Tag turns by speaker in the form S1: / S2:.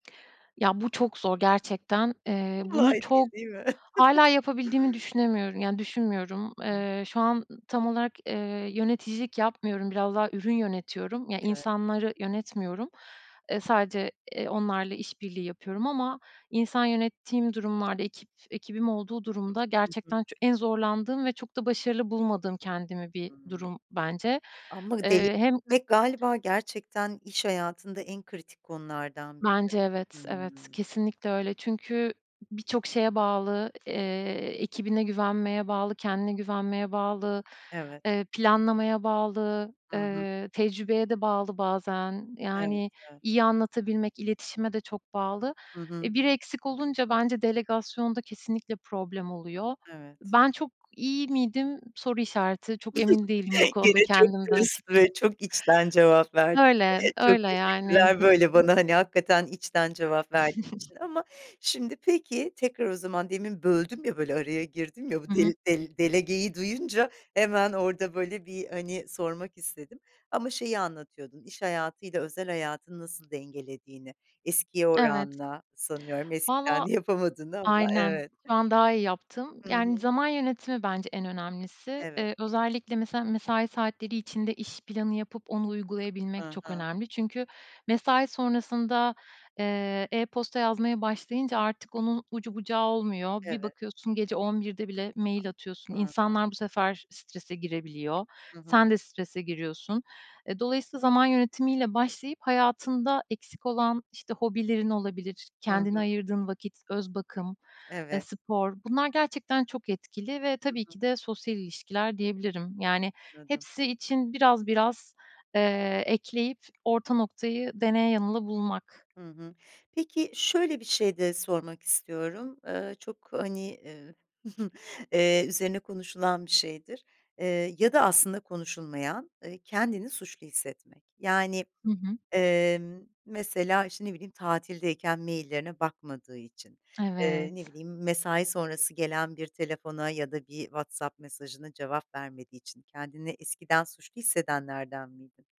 S1: Ya, bu çok zor gerçekten. Eee, bunu
S2: Kolay
S1: çok
S2: değil, değil mi?
S1: hâlâ yapabildiğimi düşünemiyorum, yani, düşünmüyorum. Eee, şu an tam olarak, eee, yöneticilik yapmıyorum. Biraz daha ürün yönetiyorum, yani,
S2: Evet.
S1: insanları yönetmiyorum. Iıı, sadece, ııı, onlarla işbirliği yapıyorum. Ama insan yönettiğim durumlarda, ekip ekibim olduğu durumda
S2: Hı hı.
S1: gerçekten ç en zorlandığım ve çok da başarılı bulmadığım kendimi bir
S2: Hıı.
S1: durum bence.
S2: Ama delici
S1: Eee hem
S2: ve galiba gerçekten iş hayatında en kritik konulardan biri.
S1: Bence, evet, evet,
S2: Hımm.
S1: kesinlikle öyle. Çünkü b birçok şeye bağlı. Eee, ekibine güvenmeye bağlı, kendine güvenmeye bağlı,
S2: Evet.
S1: eee, planlamaya bağlı,
S2: Hı hı.
S1: ııı tecrübeye de bağlı bazen.
S2: Evet,
S1: Yani,
S2: evet.
S1: iyi anlatabilmek, iletişime de çok bağlı.
S2: Hı hı.
S1: Eee, biri eksik olunca bence delegasyonda kesinlikle problem oluyor.
S2: Evet.
S1: Ben çok iyi miydim? Soru işareti, çok emin değilim bu konuda
S2: Gene çok
S1: kendimden
S2: dürüst ve
S1: açıkçası.
S2: çok içten cevap verdin.
S1: Öyle,
S2: Evet, çok
S1: öyle yani.
S2: teşekkürler, böyle bana, hani, hakikaten içten cevap verdiğin için. Ama, şimdi, peki, tekrar o zaman demin böldüm ya, böyle araya girdim ya. Bu
S1: Hı hı.
S2: del dele delegeyi duyunca hemen orada böyle, hani, sormak istedim. Ama şeyi anlatıyordun. İş hayatıyla özel hayatını nasıl dengelediğini. Eskiye
S1: Evet.
S2: oranla sanıyorum eskiden
S1: Vallahi
S2: yapamadığını ama
S1: aynen.
S2: evet.
S1: Şu an daha iyi yaptım.
S2: Hı
S1: Yani,
S2: hı.
S1: zaman yönetimi bence en önemlisi.
S2: Evet.
S1: Iıı, özellikle mesela mesai saatleri içinde iş planı yapıp onu uygulayabilmek
S2: Hı
S1: çok
S2: hı.
S1: önemli. Çünkü mesai sonrasında, eee, e-posta yazmaya başlayınca artık onun ucu bucağı olmuyor. Bir
S2: Evet.
S1: bakıyorsun, gece 23.00'de bile mail atıyorsun.
S2: Ha ha.
S1: İnsanlar bu sefer strese girebiliyor.
S2: Hı hı.
S1: Sen de strese giriyorsun. Eee, dolayısıyla zaman yönetimiyle başlayıp hayatında eksik olan işte hobilerin olabilir,
S2: Hı
S1: kendine
S2: hı.
S1: ayırdığın vakit, öz bakım,
S2: Evet.
S1: spor... Bunlar gerçekten çok etkili. Ve
S2: Hı
S1: tabii
S2: hı.
S1: ki de sosyal ilişkiler diyebilirim. Yani,
S2: Anladım.
S1: hepsi için biraz biraz, eee, ekleyip orta noktayı deneye yanıla bulmak.
S2: Hı hı. Peki, şöyle bir şey de sormak istiyorum. Iıı, çok, hani, ııı, üzerine konuşulan bir şeydir. Iıı, ya da aslında konuşulmayan; kendini suçlu hissetmek. Yani,
S1: Hı hı.
S2: ımm, mesela işte ne bileyim tatildeyken maillerine bakmadığı için, ııı, ne
S1: Evet.
S2: bileyim mesai sonrası gelen bir telefona ya da bir WhatsApp mesajına cevap vermediği için kendini eskiden suçlu hissedenlerden miydin?